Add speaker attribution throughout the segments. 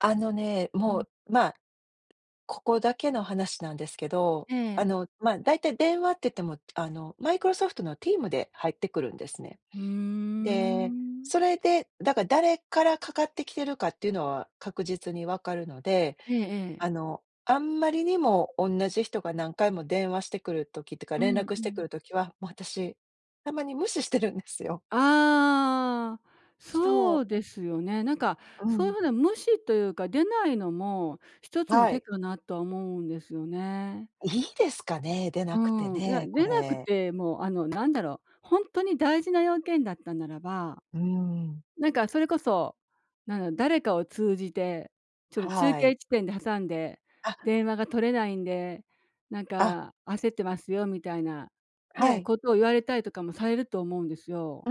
Speaker 1: あのね、
Speaker 2: う
Speaker 1: も
Speaker 2: ん。
Speaker 1: う、まあ、ここだけの話なんですけど、
Speaker 2: え
Speaker 1: あ
Speaker 2: え。
Speaker 1: の、ま、だいたい電話って言っても、あの、マイクロソフトの Teams で入ってくるんですね。
Speaker 2: ふー
Speaker 1: で、
Speaker 2: ん。
Speaker 1: それで、だから、誰から掛かってきてるかっていうのは確実にわかるので、
Speaker 2: ええ
Speaker 1: あ
Speaker 2: ええ。
Speaker 1: の、あんまりにもおんなじ人が何回も電話してくる時っていうか、
Speaker 2: う
Speaker 1: 連
Speaker 2: ん
Speaker 1: 絡
Speaker 2: う
Speaker 1: してく
Speaker 2: ん。
Speaker 1: る時は、もう私、たまに無視してるんですよ。
Speaker 2: ああ。
Speaker 1: そ
Speaker 2: そ
Speaker 1: う。
Speaker 2: うですよね。なんか
Speaker 1: う
Speaker 2: そういう
Speaker 1: ん。
Speaker 2: 風な無視というか、出ないのも一つの
Speaker 1: は
Speaker 2: 手
Speaker 1: い。
Speaker 2: かなとは思うんですよね。
Speaker 1: いいですかね？出
Speaker 2: う
Speaker 1: なくて
Speaker 2: ーん、いや、
Speaker 1: ね、こ
Speaker 2: 出なく
Speaker 1: れ。
Speaker 2: ても、あの、なんだろう、ほんとに大事な用件だったならば、
Speaker 1: うーん。
Speaker 2: なんかそれこそ、なんだ、誰かを通じて、ちょっと中
Speaker 1: はい。
Speaker 2: 継地点で挟んで
Speaker 1: あ。
Speaker 2: 電話が取れないんで、なん
Speaker 1: あ。
Speaker 2: か焦ってますよ、みたいな
Speaker 1: は
Speaker 2: ね、
Speaker 1: い。
Speaker 2: ことを言われたりとかもされると思うんですよ。
Speaker 1: う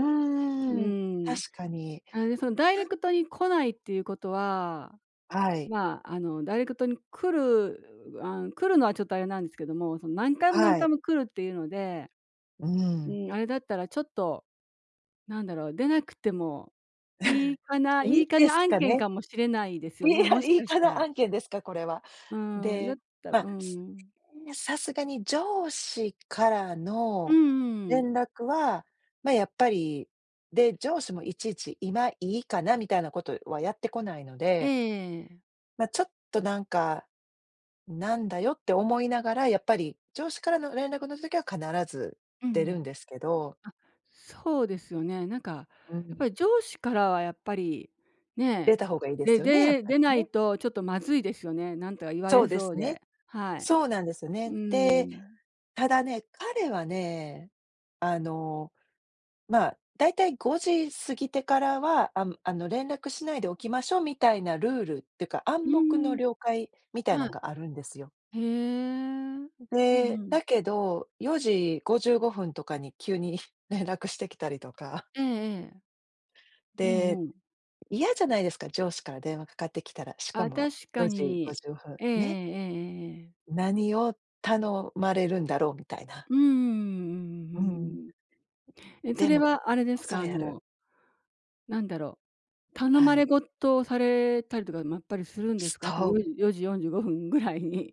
Speaker 2: う
Speaker 1: ーん。
Speaker 2: ん、
Speaker 1: 確かに。
Speaker 2: あれでその、ダイレ
Speaker 1: なん
Speaker 2: クトに来ないっていうことは、
Speaker 1: はい。
Speaker 2: まあ、あの、ダイレクトに来るあん、来るのはちょっとあれなんですけども、その何回も何
Speaker 1: は
Speaker 2: 回
Speaker 1: い。
Speaker 2: も来るっていうので、
Speaker 1: う
Speaker 2: う
Speaker 1: ん。
Speaker 2: ん、あれだったら、ちょっとなんだろう、出なくてもいい かな。
Speaker 1: い
Speaker 2: い
Speaker 1: い
Speaker 2: いか
Speaker 1: で
Speaker 2: な
Speaker 1: す
Speaker 2: 案
Speaker 1: か
Speaker 2: 件
Speaker 1: ね。
Speaker 2: かもしれないですよ
Speaker 1: い
Speaker 2: ね、
Speaker 1: や、
Speaker 2: もし
Speaker 1: いい
Speaker 2: かし
Speaker 1: か
Speaker 2: た
Speaker 1: な
Speaker 2: ら。
Speaker 1: 案件ですか、これは。
Speaker 2: うーん、だっ
Speaker 1: で、
Speaker 2: たらうー
Speaker 1: ま、
Speaker 2: ん。
Speaker 1: さすがに上司から
Speaker 2: うん
Speaker 1: の
Speaker 2: うんう
Speaker 1: 連
Speaker 2: ん。
Speaker 1: 絡は、ま、やっぱり。で、上司もいちいち今いいかな、みたいなことはやってこないの
Speaker 2: え
Speaker 1: で。
Speaker 2: え。
Speaker 1: ま、ちょっとなんか、なんだよって思いながら、やっぱり上司からの連絡の時は必ず
Speaker 2: うー
Speaker 1: 出るん
Speaker 2: ん。
Speaker 1: ですけど。
Speaker 2: あ、そうですよね、なんか、
Speaker 1: う
Speaker 2: やっ
Speaker 1: ん。
Speaker 2: ぱり上司からはやっぱり、ね、
Speaker 1: 出た方がいいで
Speaker 2: で
Speaker 1: すよね、やっ
Speaker 2: でで
Speaker 1: ぱ
Speaker 2: 出
Speaker 1: り
Speaker 2: ない
Speaker 1: ね。
Speaker 2: とちょっとまずいですよね、なんとか言わ
Speaker 1: そ
Speaker 2: れ
Speaker 1: うで
Speaker 2: そう
Speaker 1: すね。
Speaker 2: で、はい。
Speaker 1: そうなんですよ
Speaker 2: う
Speaker 1: ね。
Speaker 2: ー
Speaker 1: で、
Speaker 2: ん。
Speaker 1: ただね、彼はね、あの、まあ、だいたい5時過ぎてからは、あむあの、連絡しないでおきましょうみたいなルールっていうか、
Speaker 2: う
Speaker 1: 暗黙
Speaker 2: ー
Speaker 1: の
Speaker 2: ん。
Speaker 1: 了解みたい
Speaker 2: は
Speaker 1: なんがあるんですよ。
Speaker 2: い。へえ。うん
Speaker 1: ん、で、
Speaker 2: う
Speaker 1: だ
Speaker 2: ん。
Speaker 1: けど、4:55とかに、急に連絡してきたりとか。
Speaker 2: ええええ。うん
Speaker 1: で、
Speaker 2: うん。
Speaker 1: 嫌じゃないですか、上司から電話掛かってきたら、しか
Speaker 2: あ、
Speaker 1: も
Speaker 2: 確か
Speaker 1: よじご
Speaker 2: に、
Speaker 1: じゅうごふん、
Speaker 2: ええ、ええ
Speaker 1: ね。
Speaker 2: ええええ。
Speaker 1: 何を頼まれるんだろうみたいな。
Speaker 2: うーん、うんうん
Speaker 1: う
Speaker 2: う
Speaker 1: ん。
Speaker 2: んうん。え、そ
Speaker 1: で
Speaker 2: れ
Speaker 1: も
Speaker 2: は、あれです
Speaker 1: そ
Speaker 2: か？あ
Speaker 1: れやる。
Speaker 2: のなんだろう、頼
Speaker 1: は
Speaker 2: まれ
Speaker 1: い。
Speaker 2: ごとをされたりとかもやっぱりするんで
Speaker 1: す
Speaker 2: すか？あと
Speaker 1: と
Speaker 2: よ
Speaker 1: う。
Speaker 2: じ4:45ぐらいに。